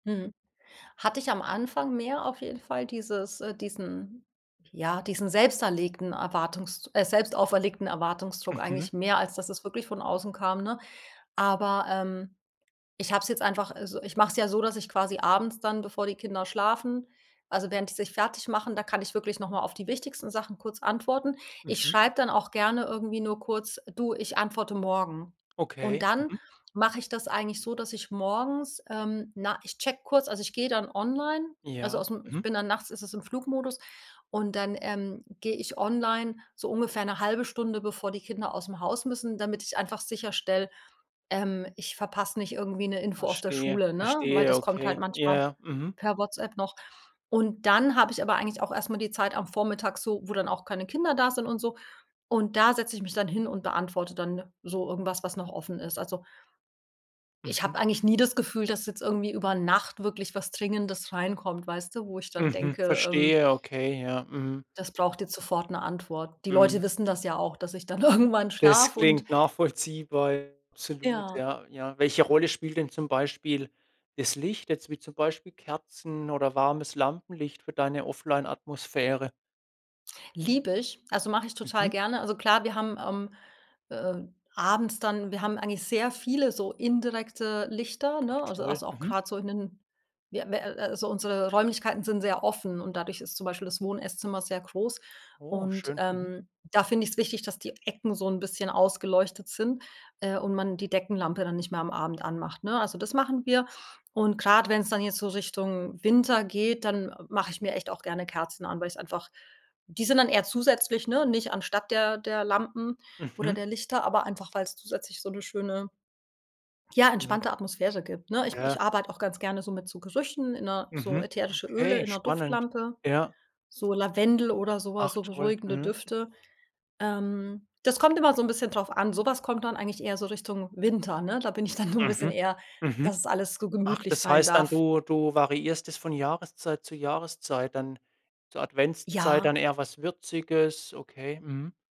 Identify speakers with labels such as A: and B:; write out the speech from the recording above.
A: Mhm. Hatte ich am Anfang mehr auf jeden Fall dieses äh, diesen ja, diesen selbst erlegten Erwartungs äh, selbstauferlegten Erwartungsdruck
B: Mhm.
A: eigentlich mehr, als dass es wirklich von außen kam, ne? Aber, ähm, ich habe es jetzt einfach äh, so, ich mache es ja so, dass ich quasi abends dann, bevor die Kinder schlafen also während die sich fertigmachen, da kann ich wirklich noch mal auf die wichtigsten Sachen kurz antworten. Ich
B: Mhm.
A: schreibe dann auch gerne irgendwie nur kurz: „Du, ich antworte morgen.“ Und
B: Okay.
A: dann
B: Mhm.
A: mache ich das eigentlich so, dass ich morgens ähm, na, ich checke kurz also ich gehe dann online, also
B: Ja,
A: ausm ich
B: mhm.
A: bin dann nachts ist es im Flugmodus und dann, ähm, gehe ich online so ungefähr 'ne 1/2 Stunde, bevor die Kinder ausm Haus müssen, damit ich einfach sicherstelle, ähm, ich verpasse nicht irgendwie 'ne Info aus der
B: Verstehe,
A: Schule, ne? Weil
B: verstehe,
A: das kommt halt
B: okay ja,
A: manchmal
B: ja, mhm.
A: per WhatsApp noch. Und dann habe ich aber eigentlich auch erst mal die Zeit am Vormittag so, wo dann auch keine Kinder da sind und so. Und da setze ich mich dann hin und beantworte dann so irgendwas, was noch offen ist. Also ich
B: Mhm.
A: habe eigentlich nie das Gefühl, dass jetzt irgendwie über Nacht wirklich was Dringendes reinkommt, weißt du, wo ich dann
B: Mhm,
A: denke, ähm
B: verstehe okay. Ja, mhm.
A: das braucht jetzt sofort 'ne Antwort. Die Leute
B: Mhm.
A: wissen das ja auch, dass ich dann irgendwann
B: Es
A: schlafe und
B: klingt nachvollziehbar. [unintelligible] absolut.
A: Ja.
B: Ja, ja. Welche Rolle spielt denn zum Beispiel das Licht jetzt wie zum Beispiel Kerzen oder warmes Lampenlicht für deine offline Atmosphäre?
A: Liebe ich, also mache ich total
B: Mhm.
A: gerne also klar, wir haben ähm, äh, abends dann wir haben eigentlich sehr viele so indirekte Lichter, ne,
B: Ach
A: also
B: toll,
A: also auch
B: mhm.
A: grad so in den wir wir äh, also unsere Räumlichkeiten sind sehr offen und dadurch ist zum Beispiel das Wohn Esszimmer sehr groß.
B: Oh,
A: Und,
B: schön. Mhm.
A: ähm, da finde ich's wichtig, dass die Ecken so 'n bisschen ausgeleuchtet sind, äh, und man die Deckenlampe dann nicht mehr am Abend anmacht, ne? Also das machen wir. Und grad wenn's dann jetzt so Richtung Winter geht, dann mache ich mir echt auch gerne Kerzen an, weil ich's einfach die sind dann eher zusätzlich, ne, nicht anstatt der der Lampen oder
B: Mhm.
A: der Lichter, aber einfach, weil's zusätzlich so 'ne schöne ja,
B: Mhm.
A: entspannte Atmosphäre gibt, ne. Ich ich
B: Ja.
A: arbeite auch ganz gerne so mit so Gerüchen in a so
B: Mhm.
A: ätherische Öle
B: Okay,
A: in 'ner
B: spannend.
A: Duftlampe,
B: Ja.
A: so Lavendel oder so was,
B: Ach
A: so
B: toll.
A: beruhigende
B: Mhm.
A: Düfte. Ähm, das kommt immer so 'n bisschen drauf an. Sowas kommt dann eigentlich eher so Richtung Winter, ne? Da bin ich dann so 'n bisschen
B: Mhm.
A: eher,
B: Mhm.
A: dass es alles so
B: Ach,
A: gemütlich
B: das
A: sein
B: heißt dann,
A: darf.
B: du du variierst es von Jahreszeit zu Jahreszeit, dann zur Adventszeit
A: Ja.
B: dann eher was Würziges, okay. Mhm.